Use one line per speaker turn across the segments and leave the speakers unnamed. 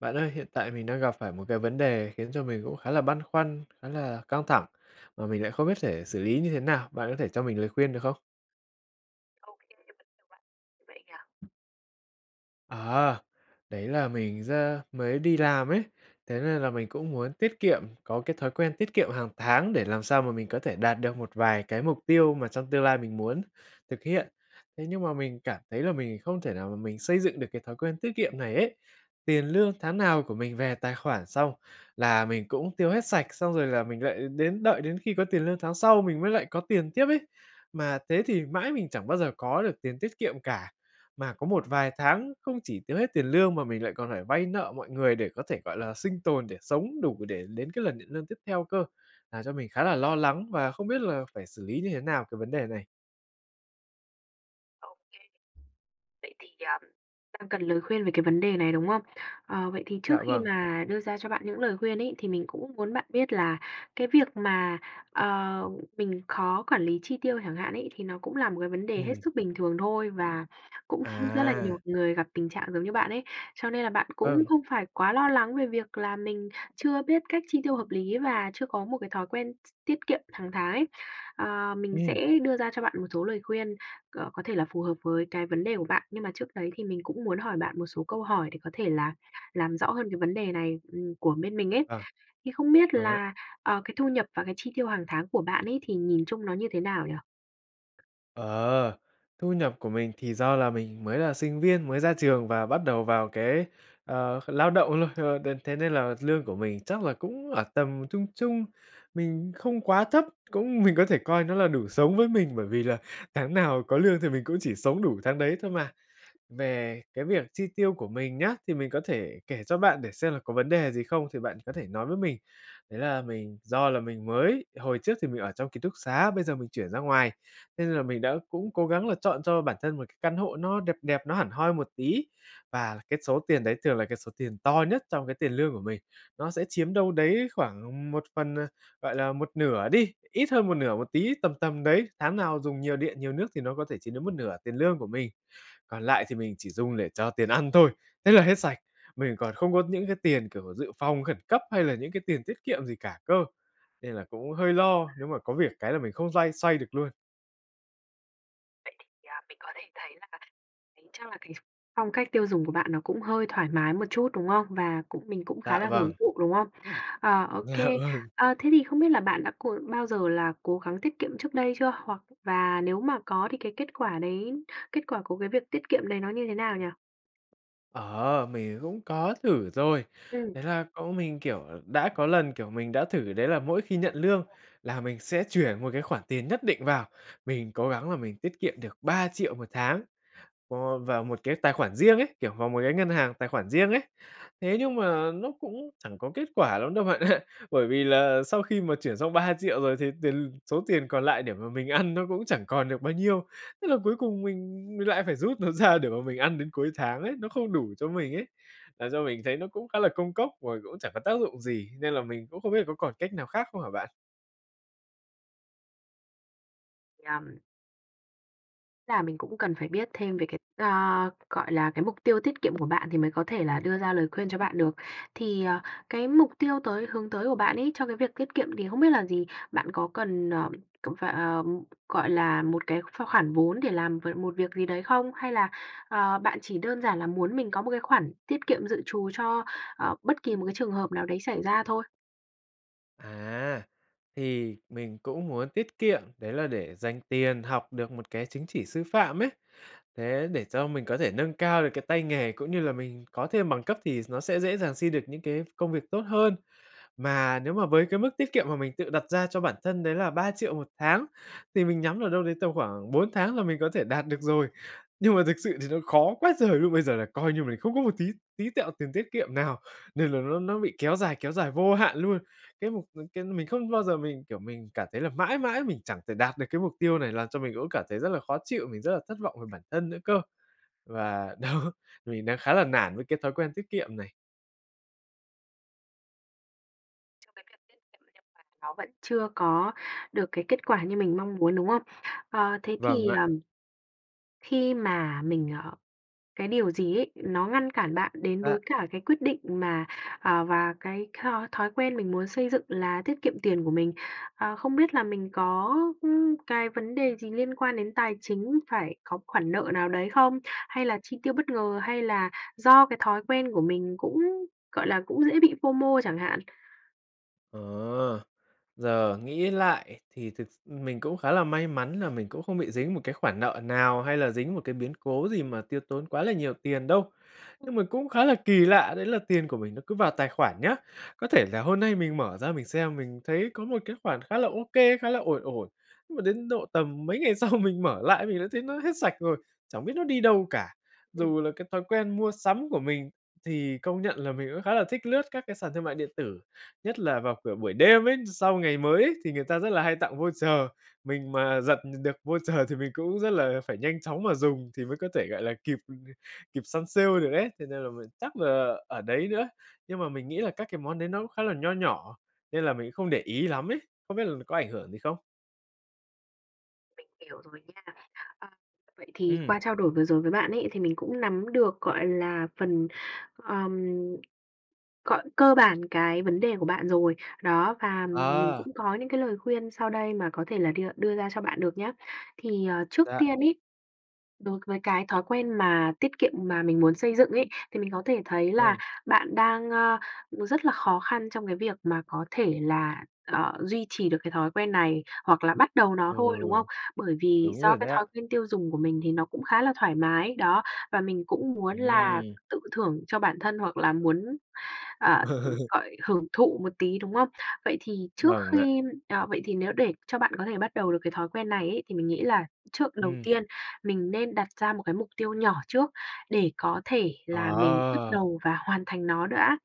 Bạn ơi, hiện tại mình đang gặp phải một cái vấn đề khiến cho mình cũng khá là băn khoăn, khá là căng thẳng mà mình lại không biết để xử lý như thế nào, bạn có thể cho mình lời khuyên được không?
Ô kê, [unintelligible] bạn vậy nhỉ?
À! Đấy là mình ra mới đi làm ấy, thế nên là mình cũng muốn tiết kiệm có cái thói quen tiết kiệm hàng tháng để làm sao mà mình có thể đạt được một vài cái mục tiêu mà trong tương lai mình muốn thực hiện. Thế nhưng mà mình cảm thấy là mình không thể nào mà mình xây dựng được cái thói quen tiết kiệm này ấy. Tiền lương tháng nào của mình về tài khoản xong là mình cũng tiêu hết sạch, xong rồi là mình lại đến đợi đến khi có tiền lương tháng sau mình mới lại có tiền tiếp ấy, mà thế thì mãi mình chẳng bao giờ có được tiền tiết kiệm cả. Mà có một vài tháng không chỉ tiêu hết tiền lương mà mình lại còn phải vay nợ mọi người để có thể, gọi là, sinh tồn để sống đủ để đến cái lần nhận lương tiếp theo cơ, làm cho mình khá là lo lắng và không biết là phải xử lý như thế nào cái vấn đề này.
Ô kê. Vậy thì, ờm, đang cần lời khuyên về cái vấn đề này, đúng không? Ờ, vậy thì trước
Dạ
khi
vâng.
mà đưa ra cho bạn những lời khuyên ấy, thì mình cũng muốn bạn biết là cái việc mà, ờ, mình khó quản lý chi tiêu chẳng hạn ấy, thì nó cũng là một cái vấn đề hết
Ừm.
sức bình thường thôi và cũng rất là
À.
nhiều người gặp tình trạng giống như bạn ấy. Cho nên là bạn cũng
Vâng.
không phải quá lo lắng về việc là mình chưa biết cách chi tiêu hợp lý, và chưa có một cái thói quen x tiết kiệm hằng tháng ấy. Ờ, mình
Ừm.
sẽ đưa ra cho bạn một số lời khuyên c có thể là phù hợp với cái vấn đề của bạn, nhưng mà trước đấy thì mình cũng muốn hỏi bạn một số câu hỏi để có thể là làm rõ hơn cái vấn đề này, ừm, của bên mình ấy.
Ờ.
Thì không biết
Vâng ạ.
là, ờ, cái thu nhập và cái chi tiêu hàng tháng của bạn ấy, thì nhìn chung nó như thế nào nhỉ?
Ờ, thu nhập của mình thì do là mình mới là sinh viên mới ra trường và bắt đầu vào cái, ờ, lao động luôn, ờ, đến thế nên là lương của mình chắc là cũng ở tầm trung trung, mình không quá thấp, cũng mình có thể coi nó là đủ sống với mình, bởi vì là tháng nào có lương thì mình cũng chỉ sống đủ tháng đấy thôi mà. Về cái việc chi tiêu của mình nhá, thì mình có thể kể cho bạn để xem là có vấn đề gì không thì bạn có thể nói với mình. Đấy là mình do là mình mới, hồi trước thì mình ở trong ký túc xá, bây giờ mình chuyển ra ngoài, nên là mình đã cũng cố gắng là chọn cho bản thân một cái căn hộ nó đẹp đẹp, nó hẳn hoi một tí và cái số tiền đấy thường là cái số tiền to nhất trong cái tiền lương của mình. Nó sẽ chiếm đâu đấy khoảng một phần, ờ, gọi là, một nửa đi, ít hơn một nửa một tí tầm tầm đấy, tháng nào dùng nhiều điện nhiều nước thì nó có thể chiếm đến một nửa tiền lương của mình. Còn lại thì mình chỉ dùng để cho tiền ăn thôi, thế là hết sạch. Mình còn không có những cái tiền, kiểu, dự phòng khẩn cấp hay là những cái tiền tiết kiệm gì cả cơ. Nên là cũng hơi lo nếu mà có việc cái là mình không xoay xoay được luôn.
Vậy thì, à, mình có thể thấy là [unintelligible] tính chắc là cái phong cách tiêu dùng của bạn nó cũng hơi thoải mái một chút, đúng không? Và cũng mình cũng khá
Dạ,
là hưởng
vâng.
thụ, đúng không? Ờ, ô
Dạ,
kê.
vâng.
Ờ, thế thì không biết là bạn đã cố bao giờ là cố gắng tiết kiệm trước đây chưa? Hoặc và nếu mà có thì cái kết quả đấy kết quả của cái việc tiết kiệm đấy nó như thế nào nhỉ?
Ờ, mình cũng có thử rồi,
Ừm.
đấy là cũng mình, kiểu, đã có lần, kiểu, mình đã thử đấy là mỗi khi nhận lương là mình sẽ chuyển một cái khoản tiền nhất định vào, mình cố gắng là mình tiết kiệm được 3.000.000 1 tháng vô vào một cái tài khoản riêng ấy, kiểu, vào một cái ngân hàng tài khoản riêng ấy. Thế nhưng mà nó cũng chẳng có kết quả lắm đâu bạn ạ, bởi vì là sau khi mà chuyển xong 3.000.000 rồi thì tiền l số tiền còn lại để mà mình ăn nó cũng chẳng còn được bao nhiêu. Thế là cuối cùng mình mình lại phải rút nó ra để mà mình ăn đến cuối tháng ấy, nó không đủ cho mình ấy, làm cho mình thấy nó cũng khá là công cốc rồi cũng chẳng có tác dụng gì, nên là mình cũng không biết là có còn cách nào khác không hả bạn?
Nhầm. Là mình cũng cần phải biết thêm về cái a, gọi là, cái mục tiêu tiết kiệm của bạn thì mới có thể là đưa ra lời khuyên cho bạn được. Thì, ờ, cái mục tiêu tới hướng tới của bạn ấy, cho cái việc tiết kiệm thì không biết là gì? Bạn có cần, ờ, cần phải, ờm, gọi là, một cái ph khoản vốn để làm v một việc gì đấy không? Hay là, ờ, bạn chỉ đơn giản là muốn mình có một cái khoản tiết kiệm dự trù cho, ờ, bất kỳ một cái trường hợp nào đấy xảy ra thôi?
À, thì mình cũng muốn tiết kiệm, đấy là để dành tiền học được một cái chứng chỉ sư phạm ấy, thế để cho mình có thể nâng cao được cái tay nghề cũng như là mình có thêm bằng cấp thì nó sẽ dễ dàng xin được những cái công việc tốt hơn. Mà nếu mà với cái mức tiết kiệm mà mình tự đặt ra cho bản thân đấy là 3.000.000 1 tháng thì mình nhắm ở đâu đấy tầm khoảng 4 tháng là mình có thể đạt được rồi. Nhưng mà thực sự thì nó khó quá trời luôn! Bây giờ là coi như mình không có một tí tí tẹo tiền tiết kiệm nào nên là nó nó bị kéo dài kéo dài vô hạn luôn. Cái mục mình c mình không bao giờ mình, kiểu, mình cảm thấy là mãi mãi mình chẳng thể đạt được cái mục tiêu này làm cho mình cũng cảm thấy rất là khó chịu, mình rất là thất vọng về bản thân nữa cơ. Và, đó, mình đang khá là nản với cái thói quen tiết kiệm này.
Trong cái việc tiết kiệm theo bạn nó vẫn chưa có được cái kết quả như mình mong muốn, đúng không? Ờ, thế
Vâng
thì,
ạ.
ờm khi mà mình, ờ cái điều gì ấy, nó ngăn cản bạn đến
Dạ.
với cả cái quyết định mà, ờ, và cái th thói quen mình muốn xây dựng là tiết kiệm tiền của mình? Ờ, không biết là mình có, ưm, cái vấn đề gì liên quan đến tài chính, phải có khoản nợ nào đấy không? Hay là chi tiêu bất ngờ hay là do cái thói quen của mình cũng gọi là, cũng dễ bị FOMO chẳng hạn?
Ờ, giờ nghĩ lại thì thực s mình cũng khá là may mắn là mình cũng không bị dính một cái khoản nợ nào, hay là dính một cái biến cố gì mà tiêu tốn quá là nhiều tiền đâu.
[unintelligible]
Nhưng mà cũng khá là kỳ lạ đấy là tiền của mình nó cứ vào tài khoản nhá. Có thể là hôm nay mình mở ra mình xem mình thấy có một cái khoản khá là ô kê, khá là ổn ổn, nhưng mà đến độ tầm mấy ngày sau mình mở lại mình đã thấy nó hết sạch rồi, chẳng biết nó đi đâu cả.
Ừm.
Dù là cái thói quen mua sắm của mình thì công nhận là mình cũng khá là thích lướt các cái sàn thương mại điện tử, nhất là vào, kiểu, buổi đêm ấy, sau ngày mới ấy thì người ta rất là hay tặng voucher, mình mà giật được voucher, thì mình cũng rất là phải nhanh chóng mà dùng thì mới có thể, gọi là, kịp kịp săn sale được ấy, thế nên là mình chắc là ở đấy nữa. Nhưng mà mình nghĩ là các cái món đấy nó cũng khá là nho nhỏ, nên là mình không để ý lắm ấy, không biết lường có ảnh hưởng gì không?
Mình hiểu rồi nha. Ờ, vậy thì
Ừm.
qua trao đổi vừa rồi với bạn ấy, thì mình cũng nắm được, gọi là, phần, ờm gọi, cơ bản cái vấn đề của bạn rồi. Đó, và mình
À.
cũng có những cái lời khuyên sau đây mà có thể là đưa đưa ra cho bạn được nhá. Thì, à, trước
Dạ.
tiên ấy, đối với cái thói quen mà tiết kiệm mà mình muốn xây dựng ấy, thì mình có thể thấy là
Ư.
bạn đang, a, rất là khó khăn trong cái việc mà có thể là, ờ, duy trì được cái thói quen này hoặc là bắt đầu nó
Ừ,
thôi, đúng không? Bởi vì
đúng
do
rồi
cái
đấy ạ.
thói quen tiêu dùng của mình thì nó cũng khá là thoải mái, đó, và mình cũng muốn là
Ừm.
tự thưởng cho bản thân hoặc là muốn, à, gọi, hưởng thụ một tí, đúng không? Vậy thì trước
Vâng ạ.
khi ờ, vậy thì nếu để cho bạn có thể bắt đầu được cái thói quen này ấy, thì mình nghĩ là trước đầu
Ừm.
tiên mình nên đặt ra một cái mục tiêu nhỏ trước, để có thể là mình bắt
Ờ.
đầu và hoàn thành nó đã.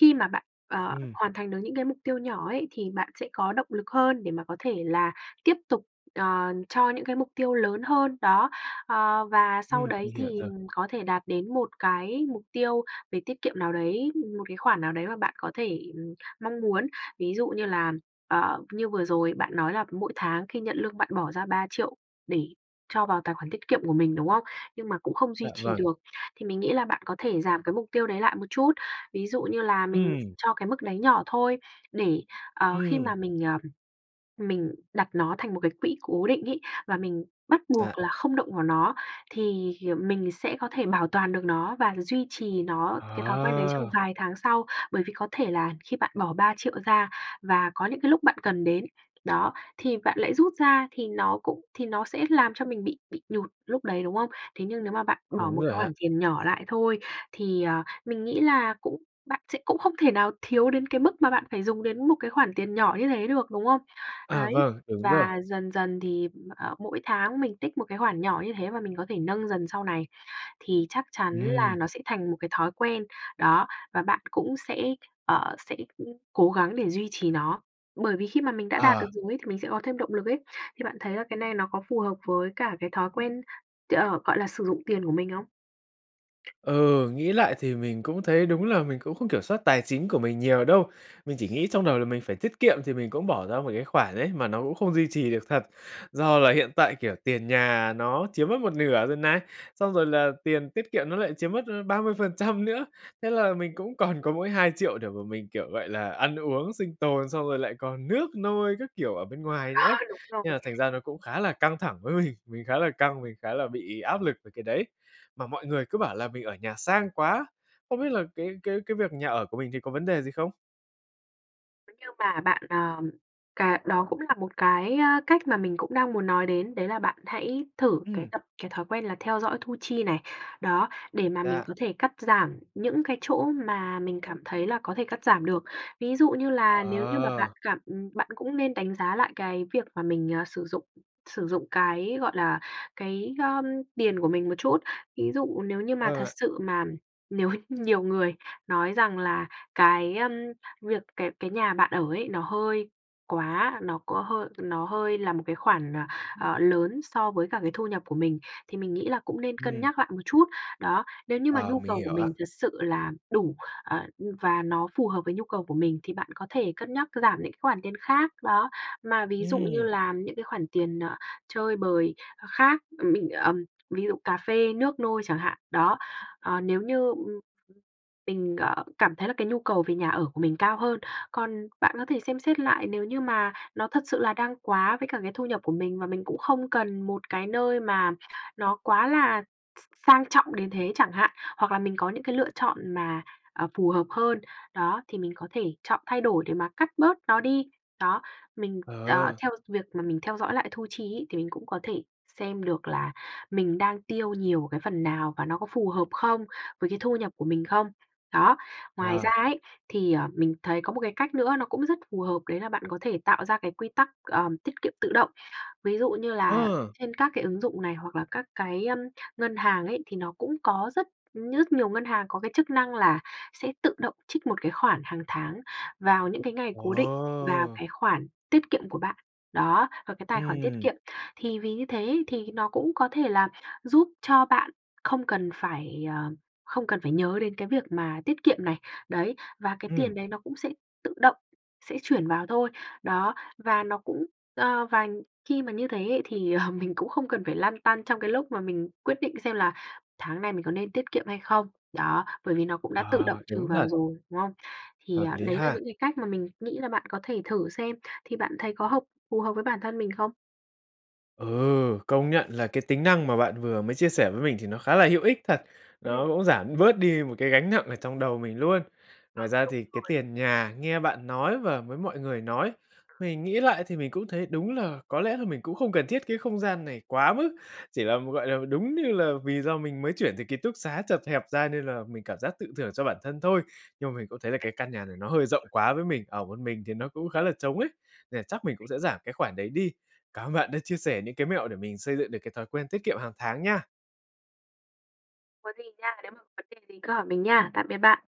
Khi mà bạn, ờ,
Ừm.
hoàn thành được những cái mục tiêu nhỏ ấy thì bạn sẽ có động lực hơn để mà có thể là tiếp tục, ờ, cho những cái mục tiêu lớn hơn, đó. Ờ, và sau
Ừm,
đấy
mình hiểu
thì,
rồi.
ừm, có thể đạt đến một cái mục tiêu về tiết kiệm nào đấy, một cái khoản nào đấy mà bạn có thể, ừm, mong muốn. Ví dụ như là, ờ, như vừa rồi bạn nói là mỗi tháng khi nhận lương bạn bỏ ra 3.000.000 để cho vào tài khoản tiết kiệm của mình, đúng không? Nhưng mà cũng không duy
Dạ,
trì
vâng.
được. Thì mình nghĩ là bạn có thể giảm cái mục tiêu đấy lại một chút. Ví dụ như là mình
Ừm.
cho cái mức đấy nhỏ thôi để, ờ, khi
Ừm.
mà mình, ờm, mình đặt nó thành một cái quỹ cố định ấy, và mình bắt buộc
Dạ.
là không động vào nó thì hiềm mình sẽ có thể bảo toàn được nó và duy trì nó cái thói quen đấy trong
Ờ.
vài tháng sau. Bởi vì có thể là khi bạn bỏ 3.000.000 ra và có những cái lúc bạn cần đến, đó, thì bạn lại rút ra thì nó cũng thì nó sẽ làm cho mình bị bị nhụt lúc đấy, đúng không? Thế nhưng nếu mà bạn bỏ
Đúng
một cái
rồi ạ.
khoản tiền nhỏ lại thôi thì, ờ, mình nghĩ là cũng bạn sẽ cũng không thể nào thiếu đến cái mức mà bạn phải dùng đến một cái khoản tiền nhỏ như thế được, đúng không?
À,
Đấy,
vâng, đúng rồi.
và dần dần thì, ờ, mỗi tháng mình tích một cái khoản nhỏ như thế và mình có thể nâng dần sau này thì chắc chắn là
Ừm.
nó sẽ thành một cái thói quen, đó, và bạn cũng sẽ, ờ, sẽ cố gắng để duy trì nó. Bởi vì khi mà mình đã đạt
Ờ.
được rồi ấy thì mình sẽ có thêm động lực ấy. Thì bạn thấy là cái này nó có phù hợp với cả cái thói quen, t ờ, gọi là, sử dụng tiền của mình không?
Ừ, nghĩ lại thì mình cũng thấy đúng là mình cũng không kiểm soát tài chính của mình nhiều đâu. Mình chỉ nghĩ trong đầu là mình phải tiết kiệm thì mình cũng bỏ ra một cái khoản ấy, mà nó cũng không duy trì được thật. Do là hiện tại, kiểu, tiền nhà nó chiếm mất một nửa rồi này, xong rồi là tiền tiết kiệm nó lại chiếm mất, a, 30% nữa. Thế là mình cũng còn có mỗi 2.000.000 để mà mình, kiểu, gọi là, ăn uống sinh tồn, xong rồi lại còn nước nôi các kiểu ở bên ngoài nữa ấy.
Ờ, đúng rồi.
Nên là thành ra nó cũng khá là căng thẳng với mình, mình khá là căng, mình khá là bị áp lực về cái đấy. Mà mọi người cứ bảo là mình ở nhà sang quá. Không biết là cái cái cái việc nhà ở của mình thì có vấn đề gì không?
Nếu như mà bạn, ờm, cà đó cũng là một cái, a, cách mà mình cũng đang muốn nói đến, đấy là bạn hãy thử cái
Ừm.
tập cái thói quen là theo dõi thu chi này, đó, để mà mình
Dạ.
có thể cắt giảm những cái chỗ mà mình cảm thấy là có thể cắt giảm được. Ví dụ như là nếu như mà bạn
Ờ.
cảm ừm, bạn cũng nên đánh giá lại cái việc mà mình, ờ, sử dụng sử dụng cái, gọi là, cái, ưm, tiền của mình một chút. Ví dụ nếu như mà
Ờ
thật
ạ.
sự mà nếu h nhiều người nói rằng là cái, ờm, việc cái cái nhà bạn ở ấy nó hơi quá nó có hơi nó hơi là một cái khoản, ờ, ờ, lớn so với cả cái thu nhập của mình, thì mình nghĩ là cũng nên cân
Ừm.
nhắc lại một chút. Đó, nếu như mà
Ờ,
nhu
mình
cầu của
hiểu ạ.
mình thật sự là đủ, ờ, và nó phù hợp với nhu cầu của mình thì bạn có thể cân nhắc giảm những cái khoản tiền khác, đó, mà ví dụ như
Ừm.
là những cái khoản tiền, ờ, chơi bời, ơ, khác, ờ, mình, ờm, ví dụ cà phê, nước nôi chẳng hạn, đó, ờ, nếu như, ừm, mình, ờ, cảm thấy là cái nhu cầu về nhà ở của mình cao hơn. Còn bạn có thể xem xét lại nếu như mà nó thật sự là đang quá với cả cái thu nhập của mình, mà mình cũng không cần một cái nơi mà nó quá là s s sang trọng đến thế chẳng hạn, hoặc là mình có những cái lựa chọn mà, ờ, phù hợp hơn, đó, thì mình có thể chọn thay đổi để mà cắt bớt nó đi, đó. Mình, ờ,
Ờ.
theo việc mà mình theo dõi lại thu chi ấy thì mình cũng có thể xem được là mình đang tiêu nhiều cái phần nào, và nó có phù hợp không, với cái thu nhập của mình không? Đó. Ngoài
Ờ.
ra ấy, thì, ờ, mình thấy có một cái cách nữa nó cũng rất phù hợp đấy là bạn có thể tạo ra cái quy tắc, ờm, tiết kiệm tự động. Ví dụ như là
Ờ!
trên các cái ứng dụng này hoặc là các cái, ưm, ngân hàng ấy, thì nó cũng có rất ư, nhất nhiều ngân hàng có cái chức năng là sẽ tự động trích một cái khoản hàng tháng vào những cái ngày
Ờ!
cố định vào cái khoản tiết kiệm của bạn. Đó, vào cái tài khoản tiết
Ừm.
kiệm, thì vì như thế ấy, thì nó cũng có thể là giúp cho bạn không cần phải ờ, không cần phải nhớ đến cái việc mà tiết kiệm này, đấy, và cái
Ừm.
tiền đấy nó cũng sẽ tự động sẽ chuyển vào thôi. Đó, và nó cũng ơ, và khi mà như thế ấy thì, ờ, mình cũng không cần phải lăn tăn trong cái lúc mà mình quyết định xem là tháng này mình có nên tiết kiệm hay không, đó, bởi vì nó cũng đã tự
Ờ,
động trừ
đúng
vào
thật.
rồi, đúng không? Thì,
Hợp
à,
lý
đấy là
ha.
những cái cách mà mình nghĩ là bạn có thể thử xem. Thì bạn thấy có hợp phù hợp với bản thân mình không?
Ừ, công nhận là cái tính năng mà bạn vừa mới chia sẻ với mình thì nó khá là hữu ích thật,
Ừm.
nó cũng giảm bớt đi một cái gánh nặng ở trong đầu mình luôn.
Ờ,
Ngoài ra
đúng
thì cái
rồi.
tiền nhà nghe bạn nói và với mọi người nói, mình nghĩ lại thì mình cũng thấy đúng là có lẽ là mình cũng không cần thiết cái không gian này quá mức, chỉ là, gọi là, đúng như là vì do mình mới chuyển từ ký túc xá chật hẹp ra nên là mình cảm giác tự thưởng cho bản thân thôi. Nhưng mà mình cũng thấy là cái căn nhà này nó hơi rộng
[unintelligible]
quá với mình, ở một mình thì nó cũng khá là trống ấy, nên là chắc mình cũng
[unintelligible]
sẽ giảm cái khoản đấy đi. Cảm ơn bạn đã chia sẻ những cái mẹo để mình xây dựng được cái thói quen tiết kiệm hằng tháng nha.
Có gì nha, nếu mà vấn đề gì cứ hỏi mình nha. Tạm biệt bạn.